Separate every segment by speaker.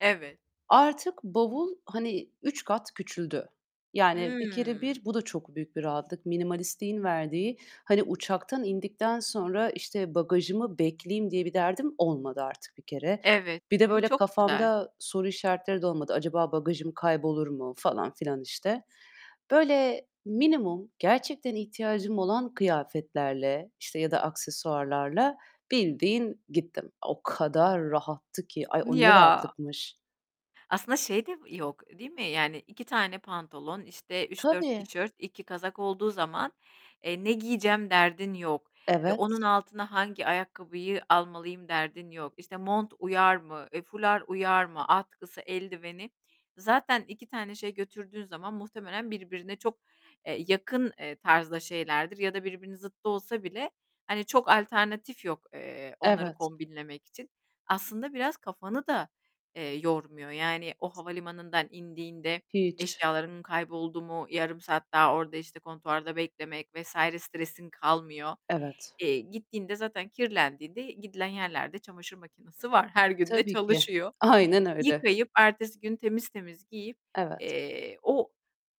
Speaker 1: Evet.
Speaker 2: Artık bavul, hani, 3 kat küçüldü. Yani bir kere
Speaker 1: Hımm.
Speaker 2: bir bu da çok büyük bir rahatlık minimalistliğin verdiği. Hani, uçaktan indikten sonra, işte, bagajımı bekleyeyim diye bir derdim olmadı artık bir kere.
Speaker 1: Evet,
Speaker 2: Bir de
Speaker 1: bu
Speaker 2: böyle
Speaker 1: çok güzel.
Speaker 2: kafamda soru işaretleri de olmadı. Acaba bagajım kaybolur mu falan filan, işte, böyle, minimum gerçekten ihtiyacım olan kıyafetlerle işte ya da aksesuarlarla bildiğin gittim. O kadar rahattı ki. Ay, o ne
Speaker 1: Ya!
Speaker 2: rahatlıkmış!
Speaker 1: Aslında şey de yok, değil mi? Yani 2 tane pantolon, işte, 3-4
Speaker 2: Tabii.
Speaker 1: tişört, 2 kazak olduğu zaman, eee, ne giyeceğim derdin yok. E, onun
Speaker 2: Evet.
Speaker 1: altına hangi ayakkabıyı almalıyım derdin yok. İşte, mont uyar mı, eee, fular uyar mı? Atkısı, eldiveni... Zaten 2 tane şey götürdüğün zaman muhtemelen birbirine çok, eee, yakın, eee, tarzda şeylerdir ya da birbirinin zıttı olsa bile, hani, çok alternatif yok, eee, onları
Speaker 2: Evet.
Speaker 1: kombinlemek için. Aslında biraz kafanı da, eee, yormuyor. Yani o havalimanından indiğinde
Speaker 2: Hiç.
Speaker 1: eşyalarım kayboldu mu, yarım saat daha orada işte kontuarda beklemek vs. stresin kalmıyor.
Speaker 2: Evet.
Speaker 1: Eee, gittiğinde zaten kirlendiğinde gidilen yerlerde çamaşır makinası var, her gün de
Speaker 2: Tabii ki.
Speaker 1: çalışıyor.
Speaker 2: Aynen öyle.
Speaker 1: Yıkayıp, ertesi gün temiz temiz giyip,
Speaker 2: Evet.
Speaker 1: eee, o,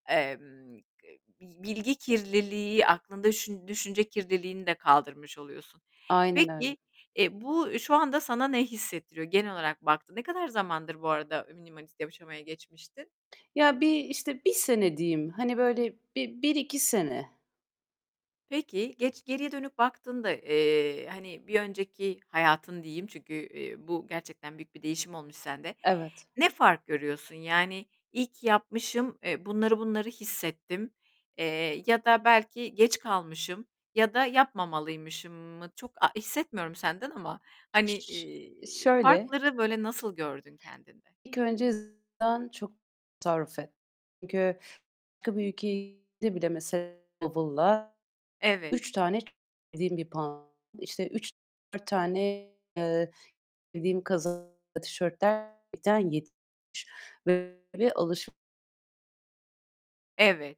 Speaker 1: emm, k bi bilgi kirliliği, aklında şü düşünce kirliliğini de kaldırmış oluyorsun.
Speaker 2: Aynen öyle.
Speaker 1: Peki, e, bu şu anda sana ne hissettiriyor genel olarak baktığında? Ne kadar zamandır bu arada minimalist yaşamaya geçmiştin?
Speaker 2: Ya, bir, işte, 1 sene diyeyim. Hani, böyle bir bir 2 sene.
Speaker 1: Peki, geç geriye dönüp baktığında, eee, hani, bir önceki hayatın diyeyim, çünkü, eee, bu gerçekten büyük bir değişim olmuş sende.
Speaker 2: Evet.
Speaker 1: Ne fark görüyorsun yani? İyi ki yapmışım, eee, bunları bunları hissettim. Eee, ya da belki geç kalmışım ya da yapmamalıymışım mı? Çok a hissetmiyorum senden ama, hani,
Speaker 2: Ş ş ş
Speaker 1: eee,
Speaker 2: şöyle:
Speaker 1: farkları böyle nasıl gördün kendinde?
Speaker 2: İlk önce [unintelligible] çok tasarruf et. Çünkü [unintelligible] bile mesela bavulla
Speaker 1: Evet.
Speaker 2: 3 tane [unintelligible] bir pantolon, işte, 3-4 tane, eee, [unintelligible] kazak, tişörtler gerçekten [unintelligible] böyle, alış
Speaker 1: Evet.